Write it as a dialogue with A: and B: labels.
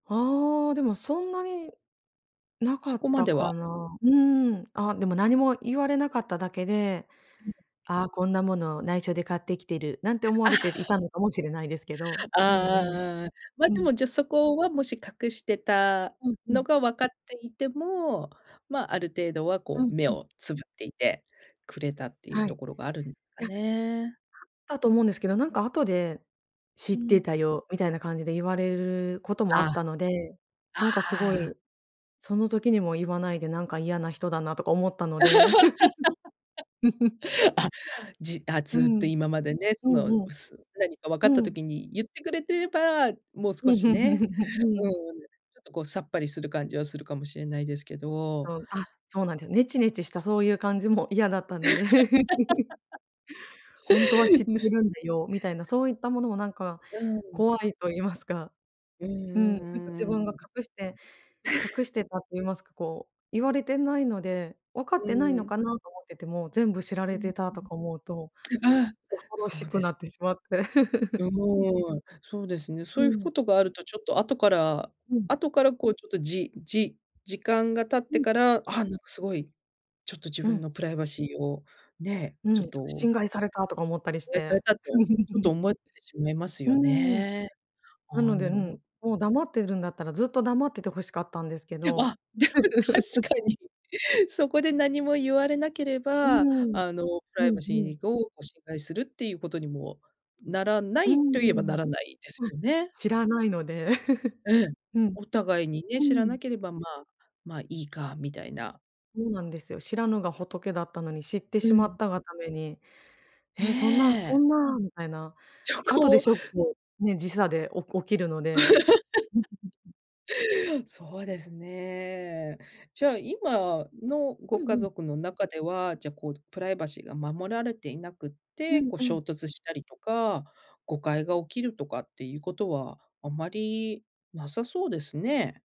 A: ああ、でもそんなに、なか
B: そ
A: っ
B: こま
A: た
B: では。
A: かな。うん、あ、でも何も言われなかっただけで、
B: うん。
A: 「ああ、こんなもの内緒で買ってきてる」なんて思われてい たのかもしれないですけど。
B: あ
A: うん
B: あ
A: うん、
B: ああ。ま、
A: う
B: で
A: ん。
B: も、じゃあそこは、もし隠してた
A: うんうん。
B: のがわかっていても、ま、ある程度は
A: う
B: こ
A: ん
B: う目
A: うん。
B: をつぶっていてくれたっていう
A: はい。
B: と
A: い
B: ころがあるん、か
A: や、あっ
B: ね。
A: たと思うんですけど、なんか後で「知っ
B: う
A: て
B: ん。
A: たよ」みたいな感じで言われることもあ
B: あ。
A: っ
B: あ
A: たので。なんかすご
B: あ、う
A: い、
B: ん。
A: その時にも言わないで「なんか嫌な人だな」とか思ったので。
B: あ、じあ、
A: う
B: ずっと
A: ん、
B: 今までね、
A: う
B: その、う
A: んうん。
B: す何かわかっ
A: う
B: た
A: ん。
B: 時に言ってくれてれば、もう少しね、う ん、ちょっとこうさっぱりする感じはするかもしれないですけど。
A: そう。あ、そうなんですよ。ネチネチしたそういう感じも嫌だったので。「ほんとは知っ て
B: ね。
A: るんだよ」みたいな、そういったものもなんか、
B: うん。
A: 怖いと言いますか。
B: うんう
A: うん、なんか自
B: んう
A: 分
B: んう
A: が
B: ん。
A: 隠して隠 してたって言いますか、こう言われてないので「わかっ
B: う
A: てないの
B: ん。
A: かな」と思ってても、全部知ら
B: う
A: れ
B: ん
A: てたとか思うと、
B: うん。ああ、
A: 恐ろ
B: そ
A: し
B: う
A: く
B: で
A: な
B: す。
A: ってしまって。
B: うーん、そうですね。そ
A: う
B: ういうこ
A: ん。
B: とがあるとちょっと後から
A: うん。
B: 後からこうちょっとじじ時間が経っ
A: う
B: て
A: ん。
B: から、あ、なんかすごい、ちょっと自
A: う
B: 分の
A: ん。
B: プライバシーを、ね、
A: うん、
B: ちょっ
A: ちょっと
B: と
A: 侵害されたとか思ったり
B: し、
A: し
B: あいさ
A: て。
B: れたとちょっと 思ってしまいます
A: う
B: よ
A: ん。
B: ね。
A: な
B: ああ、
A: ので、う
B: なる
A: ん。
B: ほ
A: もう黙っているんだったら、ずっと黙っててほしかったんですけど。
B: あ、でも 確かに。そこで何も言われなけれ
A: うー
B: ば、
A: ん、
B: あのプ
A: う
B: ライ
A: ん
B: バシ
A: うん。
B: ーをこう侵害するっていうことにも、ならな
A: うー
B: いと言えばな
A: ん、
B: らないです
A: あ。
B: よね。
A: 知らないので。
B: ええ、
A: うん。
B: お互いに
A: う
B: ね、知
A: ー
B: ら
A: ん。
B: なければ、まあ、まあいいかみたいな。
A: そうなんですよ。知らぬが仏だったのに、知って
B: う
A: しま
B: ん。
A: ったがために「ええ、そんな。そ
B: ねえ。
A: んな」みたいな。
B: ちょ
A: 後で
B: こう
A: ショックね、時差でお起きるので。
B: そうですね。じゃあ、今のご
A: うん
B: 家
A: うん。
B: 族の中では、じゃ、こうプライバシーが守られていなくっ
A: う
B: て、
A: ん、
B: こう
A: う
B: 衝
A: ん。
B: 突したりとか、誤解が起きるとかっていうことはあんまりなさそうですね。